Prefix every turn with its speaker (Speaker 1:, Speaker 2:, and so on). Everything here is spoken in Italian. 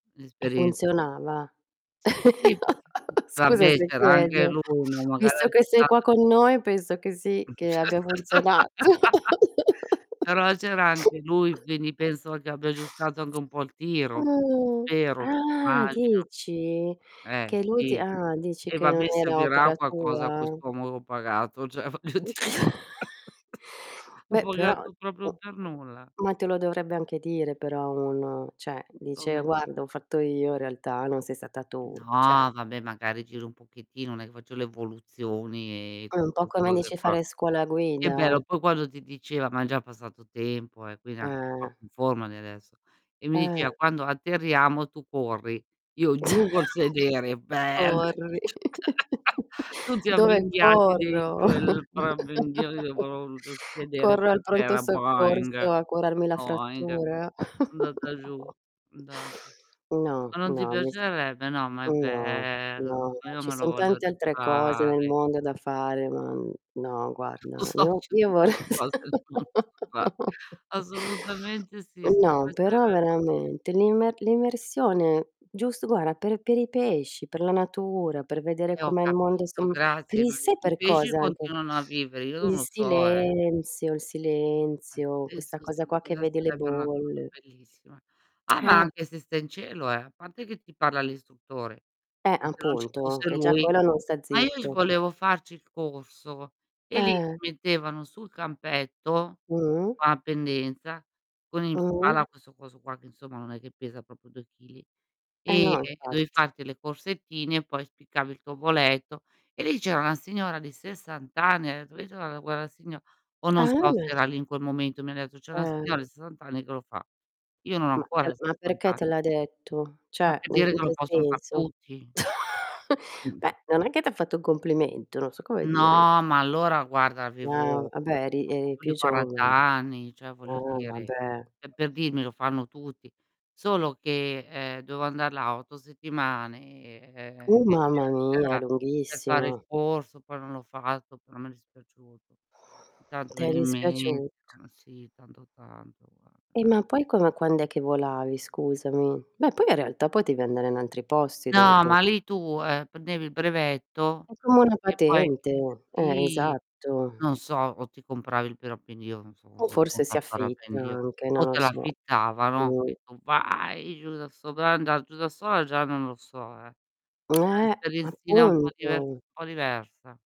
Speaker 1: E
Speaker 2: Un'esperienza.
Speaker 1: funzionava?
Speaker 2: Sì, sì, [unintelligible]
Speaker 1: Scusa
Speaker 2: vabbè,
Speaker 1: se
Speaker 2: c'era anche
Speaker 1: chiedo,
Speaker 2: lui, no
Speaker 1: visto
Speaker 2: magari
Speaker 1: che sei qua
Speaker 2: [unintelligible]
Speaker 1: con noi penso che sì, che abbia funzionato.
Speaker 2: Però c'era anche lui, quindi penso che abbia aggiustato anche un po' il tiro.
Speaker 1: Uh.
Speaker 2: Spero,
Speaker 1: Ah,
Speaker 2: immagino.
Speaker 1: dici?
Speaker 2: Eh,
Speaker 1: Che lui ti
Speaker 2: sì.
Speaker 1: ah, dici
Speaker 2: Eh,
Speaker 1: che non
Speaker 2: vabbè,
Speaker 1: era
Speaker 2: servirà a
Speaker 1: opera
Speaker 2: qualcosa
Speaker 1: tua?
Speaker 2: quest'uomo pagato, cioè voglio dire, l'ho
Speaker 1: Beh, però
Speaker 2: pagato
Speaker 1: mhmm,
Speaker 2: proprio per nulla.
Speaker 1: ma te lo dovrebbe anche dire però uno, cioè dice:
Speaker 2: Ome
Speaker 1: "Guarda, ho fatto io in realtà, non sei stata tu," cioè
Speaker 2: No, vabbè, magari giro un pochettino, non è che faccio le evoluzioni, e
Speaker 1: Ah, è
Speaker 2: tutte
Speaker 1: un po'
Speaker 2: queste
Speaker 1: come
Speaker 2: cose
Speaker 1: dici
Speaker 2: qua.
Speaker 1: fare scuola
Speaker 2: Che
Speaker 1: guida.
Speaker 2: bello, poi quando ti diceva, ma è già passato tempo eh, quindi er anche un po'
Speaker 1: Eh.
Speaker 2: più in forma di adesso. E mi
Speaker 1: Eh.
Speaker 2: diceva: "Quando atterriamo tu corri." Io giù col sedere, "bang!"
Speaker 1: Corri.
Speaker 2: Tutti
Speaker 1: Dove
Speaker 2: avvinghiati
Speaker 1: corro?
Speaker 2: dentro il parapendio, [unintelligible] col sedere
Speaker 1: Corro al
Speaker 2: per
Speaker 1: pronto
Speaker 2: terra,
Speaker 1: soccorso
Speaker 2: "boing,
Speaker 1: a curarmi la
Speaker 2: boing".
Speaker 1: frattura.
Speaker 2: Andata giù, andata.
Speaker 1: No,
Speaker 2: Ma
Speaker 1: no,
Speaker 2: non ti
Speaker 1: no, mi s
Speaker 2: piacerebbe? No, ma è
Speaker 1: no,
Speaker 2: bello,
Speaker 1: no, no,
Speaker 2: io
Speaker 1: ci
Speaker 2: me lo
Speaker 1: son
Speaker 2: voglio
Speaker 1: tante altre cose nel
Speaker 2: rifare.
Speaker 1: mondo da fare, ma, mhmm, no guarda, io io vorre
Speaker 2: [unintelligible] Assolutamente sì, su
Speaker 1: no,
Speaker 2: questo hai
Speaker 1: però
Speaker 2: ragione.
Speaker 1: veramente l'imme l'immersione, giust guarda, per per i pesci, per la natura, per vedere
Speaker 2: Eh, ho
Speaker 1: com'è il mondo
Speaker 2: capito,
Speaker 1: som per
Speaker 2: grazie,
Speaker 1: il
Speaker 2: ma
Speaker 1: s
Speaker 2: i
Speaker 1: sai
Speaker 2: i
Speaker 1: per
Speaker 2: pesci
Speaker 1: cosa anche?
Speaker 2: continuano a vivere, io non
Speaker 1: Il
Speaker 2: lo so, eh.
Speaker 1: silenzio, il silenzio, questa
Speaker 2: Altezza
Speaker 1: cosa
Speaker 2: sì,
Speaker 1: qua che
Speaker 2: quella
Speaker 1: vedi le
Speaker 2: sarebbe una cosa
Speaker 1: bolle.
Speaker 2: bellissima. Ah, ma
Speaker 1: Eh.
Speaker 2: anche se stai in cielo, eh, a parte che ti parla l'istruttore,
Speaker 1: Eh,
Speaker 2: se non ci
Speaker 1: appunto,
Speaker 2: fosse
Speaker 1: che già
Speaker 2: lui.
Speaker 1: quello non sta
Speaker 2: Ma io c
Speaker 1: zitto.
Speaker 2: volevo farci il corso, e lì ti
Speaker 1: Eh.
Speaker 2: mettevano sul campetto,
Speaker 1: Mh.
Speaker 2: va in pendenza, con in
Speaker 1: Mh.
Speaker 2: spalla questo coso qua che insomma non è che pesa proprio 2 chili,
Speaker 1: Eh,
Speaker 2: e
Speaker 1: no,
Speaker 2: e dovevi
Speaker 1: infatti.
Speaker 2: farti le corsettine, poi spiccavi il tuo voletto. E lì c'era una signora di 60 anni, [unintelligible] signo o non
Speaker 1: Ah,
Speaker 2: so
Speaker 1: ma
Speaker 2: se era
Speaker 1: ce
Speaker 2: lì in quel momento, mi ha detto: "C'è una
Speaker 1: Eh.
Speaker 2: signora di 60 anni che lo fa". Io non ho
Speaker 1: Ma
Speaker 2: ancora
Speaker 1: te ma
Speaker 2: 60
Speaker 1: perché te
Speaker 2: anni.
Speaker 1: l'ha detto?
Speaker 2: Ma
Speaker 1: Cioè,
Speaker 2: per
Speaker 1: in
Speaker 2: dire
Speaker 1: in
Speaker 2: che lo
Speaker 1: che
Speaker 2: possono far
Speaker 1: senso?
Speaker 2: tutti.
Speaker 1: Beh, non è che ti ha fatto un complimento, non so come dire.
Speaker 2: No, ma allora guarda,
Speaker 1: Ah,
Speaker 2: avevo
Speaker 1: ah beh eri
Speaker 2: poco
Speaker 1: eri
Speaker 2: più
Speaker 1: più
Speaker 2: di 40
Speaker 1: giovane.
Speaker 2: anni, cioè voglio
Speaker 1: Ah,
Speaker 2: dire,
Speaker 1: vabbè.
Speaker 2: pe per dirmi: "Lo fanno tutti." Solo che, ehm, dovevo andar là 8 settimane, ehm,
Speaker 1: Uh, mamma
Speaker 2: eccetera,
Speaker 1: mia,
Speaker 2: per fare il
Speaker 1: lunghissimo.
Speaker 2: corso, poi non l'ho fatto, però mi è dispiaciuto. Intanto me
Speaker 1: T'è
Speaker 2: ne imme
Speaker 1: dispiaciuto.
Speaker 2: sì, tanto, tanto, guarda
Speaker 1: E ma
Speaker 2: [unintelligible]
Speaker 1: poi come quand'è che volavi, scusami? Beh, poi in realtà potevi andare in altri posti
Speaker 2: No,
Speaker 1: dopo.
Speaker 2: ma lì tu, ehm, prendevi il brevetto
Speaker 1: È come una
Speaker 2: e poi
Speaker 1: patente, eh,
Speaker 2: sì,
Speaker 1: esatto.
Speaker 2: non so, o ti compravi il parapendio, non so
Speaker 1: O
Speaker 2: cosa
Speaker 1: forse
Speaker 2: costa
Speaker 1: si
Speaker 2: il
Speaker 1: affitta
Speaker 2: parapendio,
Speaker 1: anche, non
Speaker 2: o
Speaker 1: lo
Speaker 2: te
Speaker 1: so.
Speaker 2: l'affittavano,
Speaker 1: Mh.
Speaker 2: e tu: "Vai!" Giù da sola, andare giù da sola già non lo so, eh. È
Speaker 1: Eh,
Speaker 2: un'esperienzina un po' diver un
Speaker 1: appunto.
Speaker 2: po' diversa